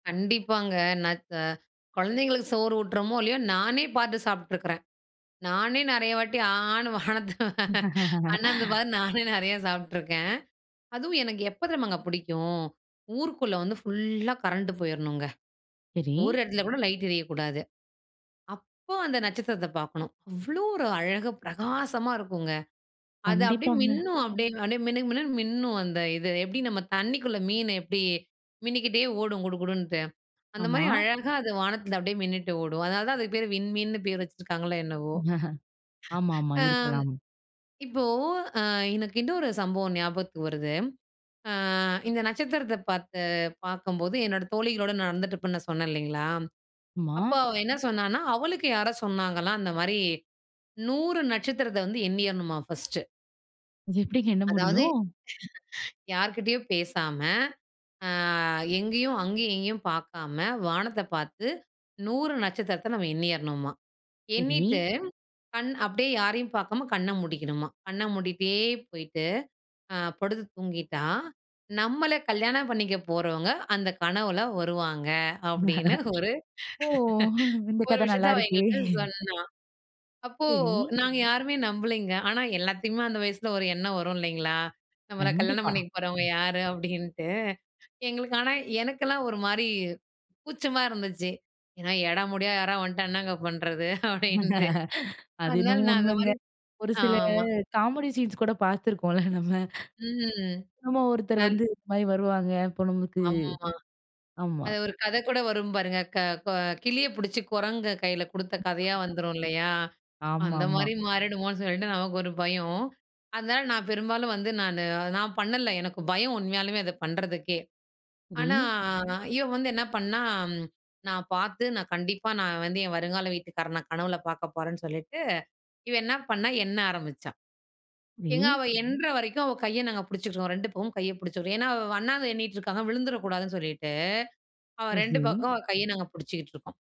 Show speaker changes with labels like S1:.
S1: கண்டிப்பாங்க. ந க குழந்தைகளுக்கு சோறு ஊட்டறோமோ இல்லையோ, நானே பார்த்து சாப்பிட்டுருக்கறேன். நானே நிறைய வாட்டி ஆன்னு வானத்த அண்ணாந்து பார்த்து நானே நிறைய சாப்பிட்டுருக்கேன். அதுவும் எனக்கு எப்ப தெரியுமாங்க பிடிக்கும், ஊருக்குள்ள வந்து ஃபுல்லா கரண்ட் போயிரணுங்க.
S2: சரி.
S1: ஒரு இடத்துல கூட லைட் எரியக்கூடாது. அப்போ அந்த நட்சத்திரத்தை பாக்கணும். அவ்வளவு ஒரு அழகா பிரகாசமா இருக்குங்க. அது அப்படியே
S2: கண்டிப்பாங்க.
S1: மின்னும் அப்படியே, அப்படியே மினுமினுன்னு மின்னும் அந்த இது. எப்படி நம்ம தண்ணிக்குள்ள மீன எப்படி மின்னிக்கிட்டே ஓடும் குடுகுடுன்ட்டு, அந்த
S2: ஆமா.
S1: மாதிரி அழகா அது வானத்துல அப்படியே மின்னிட்டு ஓடும். அதனாலதான் அதுக்கு பேரு விண்மீன்னு பேர் வச்சிருக்காங்களோ என்னவோ!
S2: ஆமா, ஆமா,
S1: ஆ
S2: இருக்கலாம்.
S1: இப்போ, ஆ இன்னொரு சம்பவம் ஞாபகத்துக்கு வருது. ஆ இந்த நட்சத்திரத்தை பார்த்து பார்க்கும்போது என்னோட தோழிகளோட நடந்துட்டு இருப்பேன்னு சொன்னேன் இல்லைங்களா,
S2: ஆமா.
S1: அப்ப அவ என்ன சொன்னான்னா, அவளுக்கு யாரோ சொன்னாங்களாம் அந்த மாதிரி, 100 நட்சத்திரத்தை வந்து எண்ணியரணுமா ஃபர்ஸ்ட்
S2: அது எப்படிங்க எண்ண
S1: அதாவது,
S2: முடியும்?
S1: யார் கிட்டயும் பேசாம, ஆ எங்கேயும் அங்கேயும் எங்கேயும் பார்க்காம, வானத்தை பார்த்து 100 நட்சத்திரத்த நம்ம எண்ணியரணுமா. எண்ணிட்டு,
S2: சரி.
S1: கண் அப்படியே யாரையும் பார்க்காம கண்ண மூடிக்கணுமா. கண்ண மூடிட்டே போயிட்டு அ படுத்து தூங்கிட்டா, நம்மள கல்யாணம் பண்ணிக்க போறவங்க அந்த கனவுல வருவாங்க அப்படின்னு ஒரு
S2: ஓ! இந்த
S1: ஒரு
S2: கதை நல்லா
S1: விஷயத்தை அவ
S2: இருக்கே!
S1: எங்கிட்ட சொன்னா. அப்போ
S2: சரி.
S1: நாங்க யாருமே நம்பலைங்க. ஆனா, எல்லாத்தையுமே அந்த வயசுல ஒரு எண்ணம் வரும் இல்லைங்களா, "நம்மள கல்யாணம்
S2: கண்டிப்பா.
S1: பண்ணிக்க போறவங்க யாரு?" அப்படின்னுட்டு. எங்களுக்கு ஆனா எனக்கெல்லாம் ஒரு மாதிரி கூச்சமா இருந்துச்சு. ஏன்னா, எடமுடியா யாராவது வந்துட்டா என்னங்க பண்றது அப்படின்ட்டு.
S2: அது
S1: அதனால
S2: என்னமோ
S1: நான் அந்த
S2: உண்மங்க.
S1: மாரி
S2: ஒரு சில
S1: ஆமா.
S2: காமெடி சீன்ஸ் கூட பார்த்துருக்கோம்ல நம்ப.
S1: ம்,
S2: ஆமா ஒருத்தர்
S1: நன்
S2: வந்து, இது மாதிரி வருவாங்க இப்போ நமக்கு
S1: அம்மா
S2: ஆமா.
S1: அது ஒரு கதை கூட வரும் பாருங்க, க கெ கிளிய பிடிச்சு குரங்கு கையில கொடுத்த கதையா வந்துரும் இல்லையா, அந்த
S2: ஆமாமா.
S1: மாதிரி மாறிடுமோன்னு சொல்லிட்டு நமக்கு ஒரு பயம். அதனால நான் பெரும்பாலும் வந்து நானு. நான் பண்ணல. எனக்கு பயம் உண்மையாலுமே அத பண்றதுக்கே. ஆனா,
S2: சரி.
S1: இவ வந்து என்ன பண்ணா? நான் பார்த்து, நான் கண்டிப்பா நான் வந்து என் வருங்கால வீட்டுக்காரன கனவுல பார்க்க போறேன்ன்னு சொல்லிட்டு, இவ என்ன பண்ணா எண்ண ஆரம்பிச்சா. எங்க
S2: சரி.
S1: அவ எண்ணுற வரைக்கும் அவ கையை நாங்க புடிச்சுக்குவோம், 2 பக்கமும் கையை பிடிச்சுக்குவோம். ஏன்னா, அவ அண்ணாந்து எண்ணிட்டு இருக்காங்க விழுந்துரக் கூடாதுன்னு சொல்லிட்டு, அவ
S2: சேரி,
S1: 2
S2: சேரி.
S1: பக்கமும் அவ கையை நாங்க புடிச்சுக்கிட்டு இருக்கோம்.